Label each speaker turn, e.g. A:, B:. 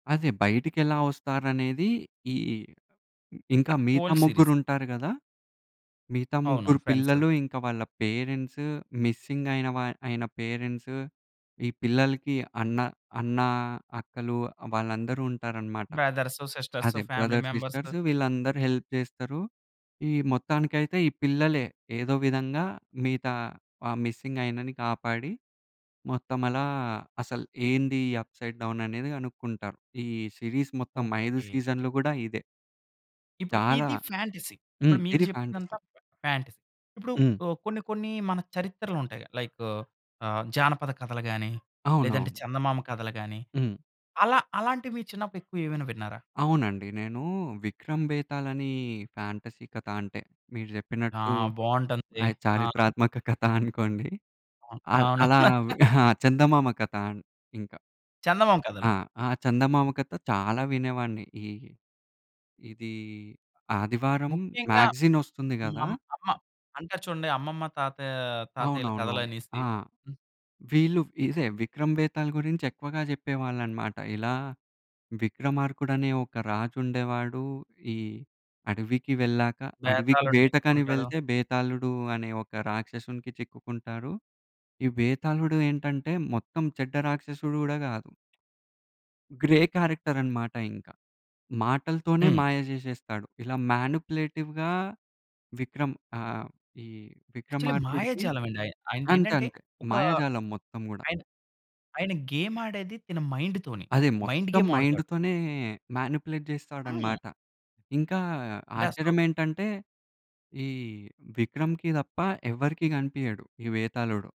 A: అదే. బయటికెలా వస్తారనేది ఈ ఇంకా మిగతా
B: ఓల్డ సీరీస్.
A: ముగ్గురు ఉంటారు గదా! మిగతా
B: అవును.
A: ముగ్గురు
B: ఫ్రెండ్సు.
A: పిల్లలు ఇంకా వాళ్ళ పేరెంట్సూ మిస్సింగ్ అయిన వ అయిన పేరెంట్సు. ఈ పిల్లలకి అన్న, అన్న, అక్కలు వాళ్ళందరూ ఉంటారన్నమాట.
B: బ్రదర్సు, సిస్టర్సు
A: అదే
B: ఫ్యామిలీ
A: బ్రదర్,
B: మెంబర్సు.
A: సిస్టర్స్ వీళ్ళందరూ హెల్ప్ చేస్తారు. ఈ మొత్తానికైతే ఈ పిల్లలే ఏదో విధంగా మిగతా ఆ మిస్సింగ్ ఆయినని కాపాడి, మొత్తం అలా అసలు ఏంది ఈ అప్‌సైడ్ డౌన్ అనేది కనుక్కుంటారు ఈ సిరీస్ మొత్తం 5
B: ఓకే.
A: సీజన్‌లు కూడా ఇదే.
B: ఇప్పుడు
A: చాలా
B: ఇది ఫాంటసీ.
A: హ్మ్.
B: ఇప్పుడు మీరు
A: ఇది
B: చెప్పిందంతా
A: ఫాంటసీ.
B: ఫా ఫాంటసీ. ఇప్పుడు
A: హ్మ్.
B: కొన్ని కొన్ని మన చరిత్రలుంటయి లైక్ ఆహ్, జానపద కథలు గాని, లేదంటే
A: అవునవును.
B: చందమామ కథలు గాని,
A: హ్మ్.
B: అలా అలాంటివి మీరు చిన్నప్పుడు ఎక్కువేమైనా విన్నారా?
A: అవునండి. నేను విక్రం భేతాలని ఫాంటసీ కథ అంటే మీరు
B: ఆ!
A: చెప్పినట్టు
B: బావుంటుంది.
A: అయ్
B: ఆ!
A: చారిత్రాత్మక కథ అనుకోండి.
B: ఆ!
A: ఆహ్,
B: అవును.
A: అలా చందమామ కథ ఇంకా
B: చందమామ
A: ఆ!
B: కథలు.
A: ఆ! చందమామ కథ చాలా వినేవాన్ని. ఈ ఇది ఆదివారం
B: ముఖ్యంగా
A: మ్యాగజిన్ వస్తుంది
B: మా
A: గదా!
B: అమ్మ. అంటరు చూడండి అమ్మమ్మ, తాతయ్య తాతయ్యల
A: అవునవునవును.
B: కథలనేసి.
A: ఆ!
B: హ్మ్.
A: వీళ్ళు ఇదే విక్రమ బేతాళ గురించి ఎక్కువగా చెప్పేవాళ్ళన్నమాట ఇలా విక్రమార్కుడు అనే ఒక రాజుండేవాడు, ఈ అడవికి వెళ్ళాక, అడవికి
B: బేతాలుడిని
A: వేటకని
B: ఎత్తుకుంటాడు.
A: వెళ్తే బేతాళుడు అనే ఒక రాక్షసునికి చిక్కుకుంటారు. ఈ బేతాళుడు ఏంటంటే మొత్తం చెడ్డ రాక్షసుడు గూడా కాదు. గ్రే క్యారెక్టరన్నమాట ఇంకా. మాటలతోనే
B: హ్మ్.
A: మాయ జేసేస్తాడు. ఇలా మానిప్యులేటివ్‌గా విక్రమ్ ఆహ్, ఈ
B: యాక్చువల్లీ
A: విక్రమార్కుడికి
B: మాయాజాలం అండి.
A: అంతే
B: ఆయనదేంటంటే
A: అంతే
B: ఒక
A: మాయాజాలం మొత్తం కూడా.
B: ఆయన ఆయన గేమ్ ఆడేది తిన మైండ్‌ తోని.
A: అది
B: మైండ్
A: మొత్తం
B: గేమ్ ఆడతాడు.
A: మైండ్‌తోనే మానిప్యులేట్
B: హ్మ్.
A: చేస్తాడన్నమాట. ఇంకా
B: అంటే అసలు
A: ఆశ్చర్యం ఏంటంటే ఈ విక్రమ్‌కి తప్ప ఎవరికీ కనిపియడు ఈ బేతాళుడు.